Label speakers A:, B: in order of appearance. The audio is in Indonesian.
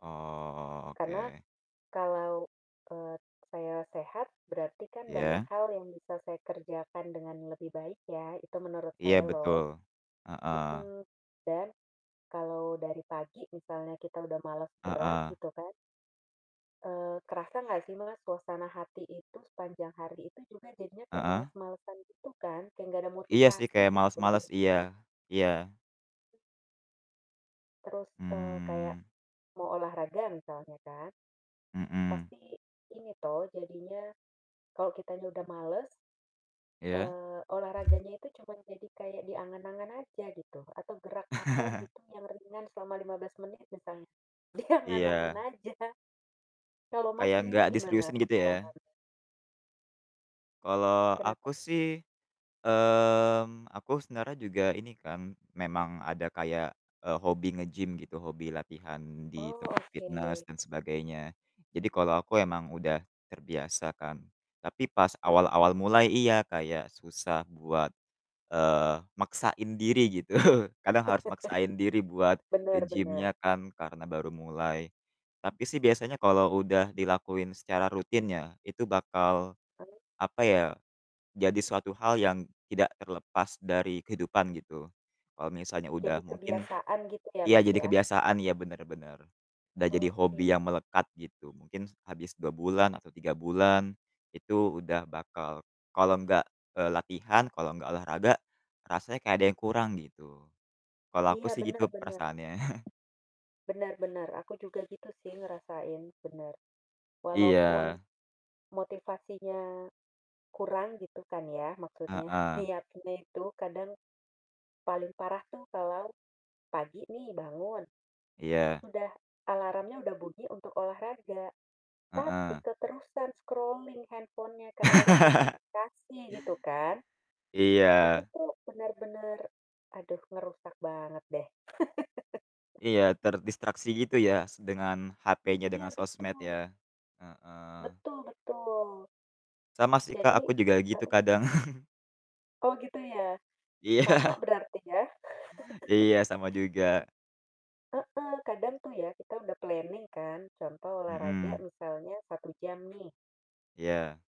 A: Oh,
B: Karena
A: oke.
B: kalau, eee, saya sehat berarti kan banyak
A: Iya?
B: hal yang bisa saya kerjakan dengan lebih baik ya, itu menurut
A: Iya,
B: saya
A: betul.
B: loh.
A: Heeh.
B: Mhm, dan kalau dari pagi misalnya kita udah males gerak
A: Heeh.
B: gitu kan eee, kerasa nggak sih Mas, suasana hati itu sepanjang hari itu juga jadinya kayak
A: Heeh?
B: males-malesan gitu kan? Kayak nggak ada
A: Iya sih
B: motivasi
A: kayak
B: gitu loh
A: males-males, iya
B: jadinya.
A: iya.
B: Terus, eee, kayak
A: Mmm.
B: mau olahraga, misalnya kan.
A: Mhm.
B: Pasti ini toh, jadinya, kalau kitanya udah males
A: Iya.
B: eee, olahraganya itu cuman jadi kayak di angan-angan aja gitu, atau gerak apa gitu yang ringan selama 15 menit misalnya, di angan-angan
A: Iya.
B: aja. Kalau Mas,
A: Kayak nggak
B: sendiri gimana,
A: diseriusin, gitu ya?
B: pengalamannya?
A: Kalau aku
B: Kenapa?
A: sih, mmm, aku sebenarnya juga ini kan, memang ada kayak, e hobi nge-gym gitu, hobi latihan di
B: Oh,
A: tempat fitnes
B: oke.
A: dan sebagainya. Jadi, kalau aku emang udah terbiasa kan, tapi pas
B: Heeh.
A: awal-awal mulai iya, kayak susah buat, eee, maksain diri gitu, kadang harus maksain diri buat ke
B: Benar benar.
A: gym-nya kan, karena baru mulai. Tapi sih biasanya
B: Iya.
A: kalo udah dilakuin secara rutin ya, itu bakal,
B: Baik.
A: apa ya, jadi suatu hal yang tidak terlepas dari kehidupan gitu. Kalau misalnya udah
B: Jadi
A: mungkin
B: kebiasaan gitu ya,
A: iya,
B: Mas,
A: jadi
B: ya?
A: kebiasaan, iya benar-benar. Udah jadi
B: Oke.
A: hobi yang melekat gitu, mungkin abis 2 bulan atau 3 bulan, itu udah bakal kalau nggak, e latihan, kalau nggak olahraga, rasanya kayak ada yang kurang gitu. Kalau aku
B: Iya,
A: sih gitu
B: benar-benar.
A: perasaannya.
B: Benar benar, aku juga gitu sih ngerasain, benar. Walaupun
A: Iya.
B: motivasinya kurang gitu kan ya maksudnya,
A: Heeh.
B: niatnya itu kadang, paling parah tuh kalau pagi nih bangun,
A: Iya.
B: sudah alarmnya udah bunyi untuk olahraga. Tapi
A: Heeh.
B: keterusan scrolling handphone-nya karena liat notifikasi gitu kan. Itu
A: Iya.
B: tuh benar-benar, aduh ngerusak banget deh.
A: Iya, terdistraksi gitu ya, se dengan HP-nya
B: Iya,
A: dengan sosmed
B: betul.
A: ya? Heeh.
B: Betul betul.
A: Sama sih Kak,
B: Jadi
A: aku juga gitu
B: heeh?
A: kadang.
B: Oh, gitu ya?
A: Iya.
B: Sama berarti ya?
A: Iya, sama juga.
B: Heeh, kadang tuh ya kita udah planning kan, contoh olahraga
A: Mhm.
B: misalnya 1 jam nih
A: Iya.